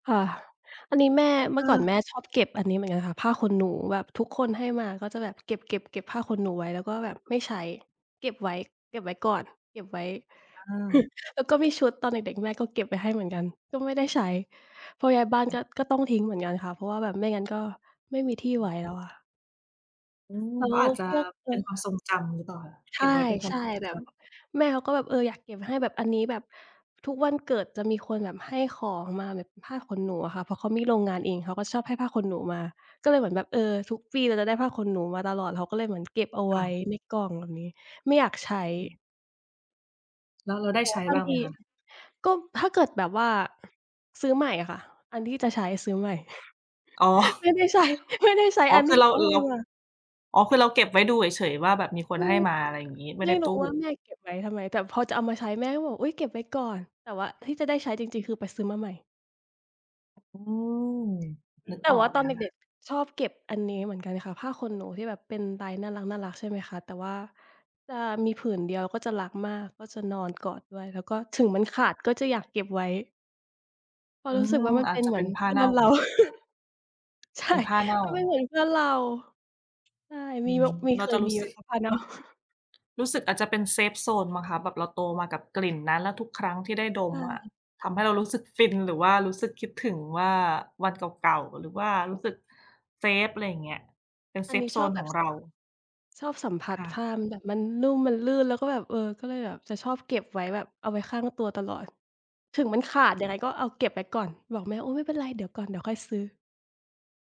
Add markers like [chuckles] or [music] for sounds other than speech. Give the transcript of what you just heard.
ค่ะ อันนี้แม่ เมื่อก่อนแเออ ม่ชอบเก็บอันนี้เหมือนกันค่ะ ผ้าขนหนูแบบทุกคนให้มาก็จะแบบเก็บ ๆ เก็บผ้าขนหนูไว้ แล้วก็แบบไม่ใช้ เก็บไว้ เก็บไว้ก่อน เก็บไว้ อา แล้วก็มีชุดตอนเด็ก ๆ แม่ก็เก็บไว้ให้เหมือนกัน ก็ไม่ได้ใช้ พอย้ายบ้านก็ ก็ต้องทิ้งเหมือนกันค่ะ เพราะว่าแบบไม่งั้นก็ไม่มีที่ไว้แล้ว อะ อืม แล้เขาวอาจจะพวก เอเป็นอ ความทรงจำหรือเปล่าคะ เใกช็บไว้เป็นความ่ ทรงๆ แบจบำ แม่เขาก็แบบ เออ อยากเก็บให้แบบอันนี้ แบบทุกวันเกิดจะมีคนแบบให้ของมาแบบผ้าขนหนูอะค่ะ เพราะเขามีโรงงานเอง เขาก็ชอบให้ผ้าขนหนูมา ก็เลยเหมือนแบบ เออ ทุกปีเราจะได้ผ้าขนหนูมาตลอด เขาก็เลยเหมือนเก็บเอาคไว่้ะ ในกล่องแบบนี้ ไม่อยากใช้ แล้วเราได้แต่ใชว่้าบบา้งางไทหมี คะ? ก็ถ้าเกิดแบบว่า ซื้อใหม่อะค่ะ อันที่จะใช้ซื้อใหม่ อ๋อ [chuckles] ไม่ได้ใช้ ไม่ได้ใช้อ๋อ อันคทืีอ่เรเา ขาร ให้มา อ๋อ คือเราเก็บไว้ดูเฉย ๆ ว่าแบบมีคนอืให้อ มา อะไรอย่างงี้ ไม่ไไมด้่รตูู้้ ว่าแม่เก็บไว้ทำไม แต่พอจะเอามาใช้แม่ก็บอก "อุ๊ย เก็บไว้ก่อน" แต่ว่าที่จะได้ใช้จริง ๆ คือไปซื้อมาใหม่ อืม นึกแต่ออว่กาเตลอนยอเะค่ด็ะ ก ๆ ชอบเก็บอันนี้เหมือนกันค่ะ ผ้าขนหนูที่แบบเป็นลายน่ารัก ๆ ใช่ไหมคะ แต่ว่า จะมีผืนเดียว เราก็จะรักมาก ก็จะนอนกอดด้วย แล้วก็ถึงมันขาดก็จะอยากเก็บไว้ เพราอืะรู้สึกม ว่ามันอเาปจ็นจะเหมเปือ็นนผ้เาพื่อเน่า นเรา [laughs] ใชเป่ ็นผ้าเน่า มันเป็นเหมือนเพื่อนเรา ใช่ อมืี ม ว มี เราเคจยะ รมูี้ไสหมึก คะ? ผ้า เน่า รู้สึกอาจจะเป็นเซฟโซนมั้งคะ แบบเราโตมากับกลิ่นนั้น แล้วทุกครั้งที่ได้ดใชมอะ ่ ทำให้เรารู้สึกฟิน หรือว่ารู้สึกคิดถึงว่าวันเก่า ๆ หรือว่ารู้สึกเซฟ อะไรอย่างเงี้ย เป็นเอซันนฟี้โซชอบนแบขอบ งส เรา ชอบสัมผัคส่ะ ผ้ามัน แบบมันนุ่ม มันลื่น แล้วก็แบบ เออ ก็เลยแบบจะชอบเก็บไว้แบบเอาไว้ข้างตัวตลอด ถึงมันขาดยังไงก็เอาเก็บไว้ก่อน บอกแม่ โอ้ ไม่เป็นไร เดี๋ยวก่อน เดี๋ยวค่อยซื้อ